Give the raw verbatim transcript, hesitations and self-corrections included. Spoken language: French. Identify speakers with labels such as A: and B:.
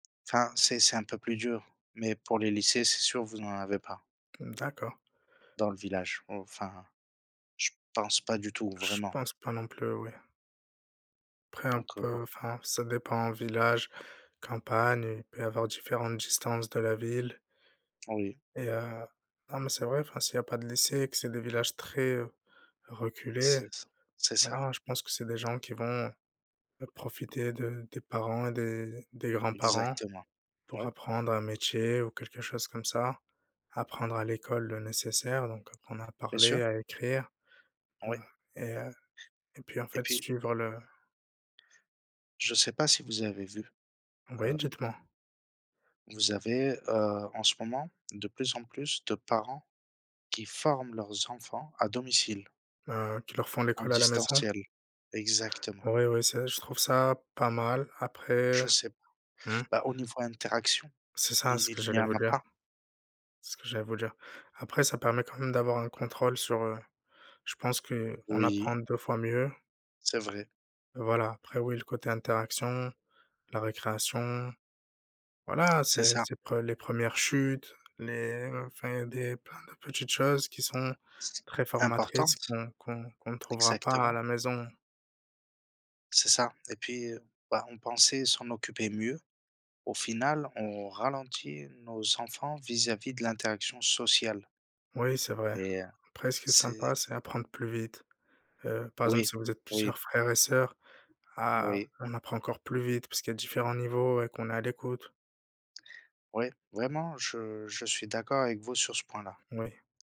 A: Enfin, c'est c'est un peu plus dur, mais pour les lycées, c'est sûr, vous en avez pas
B: Mmh, d'accord.
A: dans le village. Enfin, je pense pas du tout
B: Je
A: vraiment
B: pense pas non plus, oui. Après un
A: donc, heu, bon.
B: peu, enfin, ça dépend, village, campagne, il peut y avoir différentes distances de la ville
A: Oui.
B: et heu, non, mais c'est vrai, enfin, s'il y a pas de lycée, que c'est des villages très, heu, reculés,
A: C'est ça. C'est ça.
B: voilà, je pense que c'est des gens qui vont b profiter de des parents et des d des grands-parents
A: Exactement.
B: pour
A: Oui.
B: apprendre un métier ou quelque chose comme ça, apprendre à l'école le nécessaire, donc apprendre à
A: Bien
B: parler,
A: sûr.
B: à écrire, heu,
A: Oui.
B: et heu, et puis en
A: Et
B: fait,
A: puis
B: suivre le
A: je sais pas si vous avez vu, heu
B: Oui, dites moi.
A: vous avez, heu, en ce moment de plus en plus de parents qui forment leurs enfants à domicile
B: Heu, qui leur font
A: en
B: l'école à la maison?
A: distanciel, exactement.
B: Oui, oui, c'est je
A: Donc
B: trouve ça pas mal. Après,
A: Je sais pas.
B: mmh
A: Bah au niveau interactions,
B: C'est ça, c'est
A: il
B: ce que
A: il n'y
B: j'allais
A: en
B: vous
A: a
B: dire
A: pas.
B: c'est ce que j'allais vous dire. Après, ça permet quand même d'avoir un contrôle sur heu, je pense qu'on apprend
A: Oui.
B: deux fois mieux
A: C'est vrai.
B: voilà, après oui, le côté interaction, la récréation. Voilà,
A: C'est
B: c'est
A: ça.
B: c'est pre les premières chutes, les enfin, des plein de petites choses qui sont
A: C
B: très formatrices
A: importante,
B: qu'on qu'on qu'on trouvera pas à
A: exactement.
B: la maison.
A: C'est ça. Et puis, heu, bah, on pensait s'en occuper mieux. Au final, on ralentit nos enfants vis-à-vis de l'interaction sociale
B: Oui, c'est vrai.
A: mais, heu,
B: Après, ce qui est
A: c'est
B: sympa, c'est apprendre plus vite. Heu, par exemple,
A: Oui,
B: si vous êtes
A: oui.
B: plusieurs frères et sœurs, a
A: Moui.
B: on apprend encore plus vite puisqu'il y a différents niveaux et qu'on est à l'écoute.
A: Oui, vraiment, je je suis d'accord avec vous sur ce point-là.
B: Oui.